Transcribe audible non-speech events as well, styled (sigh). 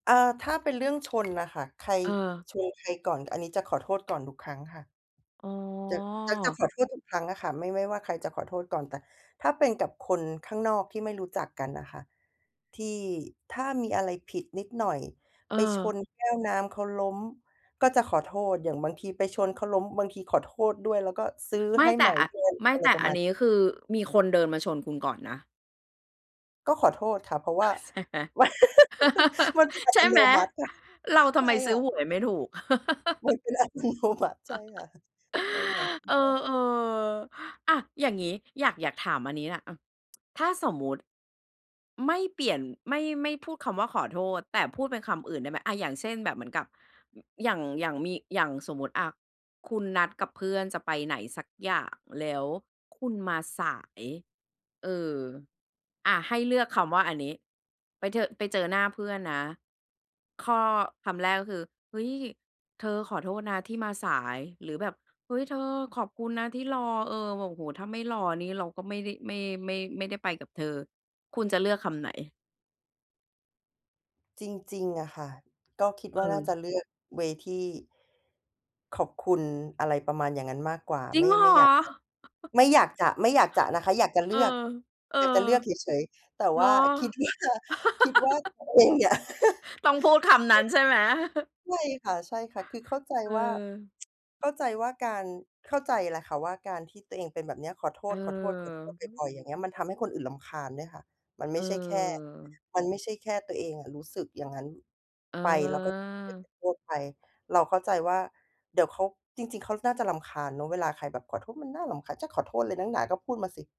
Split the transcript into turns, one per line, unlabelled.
เอ่อ ถ้าเป็น เรื่องชนน่ะค่ะ ใคร
เออ
ชนใครก่อน อันนี้จะขอโทษก่อนทุกครั้งค่ะ
อ๋
จะ จะ
อ
ขอโทษทุกครั้งอะค่ะ ไม่ ไม่ว่าใครจะขอโทษก่อน แต่ถ้าเป็นกับคนข้างนอกที่ไม่รู้จักกันน่ะค่ะ ที่ ถ้ามีอะไรผิดนิดหน่อย ไปช
เออ
นแก้วน้ำเขาล้ม ก็จะขอโทษ อย่างบางทีไปชนเขาล้ม บางทีขอโทษด้วย แล้วก็ซื้อ
ไม
ใ
่
ห้
แต
ให
่
ม่
อะ
ด้วย
ไม่
อะไ
แ
ร
ต่
ประ
อั
ม
น
าณ
นี้ คือมีคนเดินมาชนคุณก่อนนะ
ก็ขอโทษค่ะ เพราะว่า
ใช่ไหม
มัน
(laughs)
มันเป็นอั
ใช
ต
่
โ
ไ
น
หม
มัติค่ะ
เราทำ
ใช
ไม
่
ซื
ค
้อ
่ะ
หวยไม่ถูก
มั
(laughs)
นเป็น อัตโนมัติ ใช่
(chuckles)
ค่ะ (chuckles) ใช่ค่ะ อ
เออ
ือฮึ
ๆ อะ อย่างงี้ อยาก อยากถามอันนี้น่ะ เออ ถ้าสมมุติไม่เปลี่ยน ไม่ ไม่พูดคำว่าขอโทษ แต่พูดเป็นคำอื่นได้ไหม อะ อย่างเช่น แบบเหมือนกับ อย่าง อย่างมี อย่างสมมุติ อะ คุณนัดกับเพื่อนจะไปไหนสักอย่าง แล้วคุณมาสาย เออ อะ ให้เลือกคำว่าอันนี้ ไปเถอะ ไปเจอหน้าเพื่อนนะ ข้อ คำแรกก็คือ "เฮ้ย เธอ ขอโทษนะที่มาสาย" หรือแบบ "เฮ้ย เธอ ขอบคุณนะที่รอ เออ แบบ โอ้โฮ ถ้าไม่รอนี่ เราก็ไม่ได้ ไม่ ไม่ ไม่ได้ไปกับเธอ" คุณจะเลือกคำไหน?
จริง ๆ อะค่ะ ก็คิดว่าน่าจ
เออ
ะเลือก เวย์ ที่ ขอบคุณ อะไรประมาณอย่างงั้นมากกว่า
จริ
ไม
ง
่
เหร
ไม
อ?
่อยากจะ
(chuckles)
ไม่อยากจะ ไม่อยากจะนะคะ อยากจะเ
เ
ล
ออ
ือก
เออ
อยากจะเลือกเฉย ๆ แต่
เ
ว
หร
่
อ?
าคิด ว่า คิดว่า
(laughs)
ตัวเองเนี่ย (laughs)
ต้องพูดคำนั้นใช่ไหม? (chuckles)
ใช่ค่ะ ๆ คือเข้าใจ
เออ
ว่า (tsk) เข้าใจว่าการ เข้าใจแหละค่ะว่า การที่ตัวเองเป็นแบบเนี้ย ขอโท
เออ
ษ ๆ
อื
ๆ บ
ม
่อย ๆ อย่างเงี้ย มันทำให้คนอื่นรำคาญด้วยค่ะ มันไ
เ
ม่ใช่แค่
ออ
มันไม่ใช่แค่ตัวเองอะรู้สึกอย่างนั้น ไป แล้วก็ไป
เออ
โทษไป เราเข้าใจว่า เดี๋ยวเขา จริง ๆ เขาน่าจะรำคาญเนาะ เวลาใครแบบขอโทษมันน่ารำคาญ จะขอโทษอะไรนักหนาก็พูดมาสิ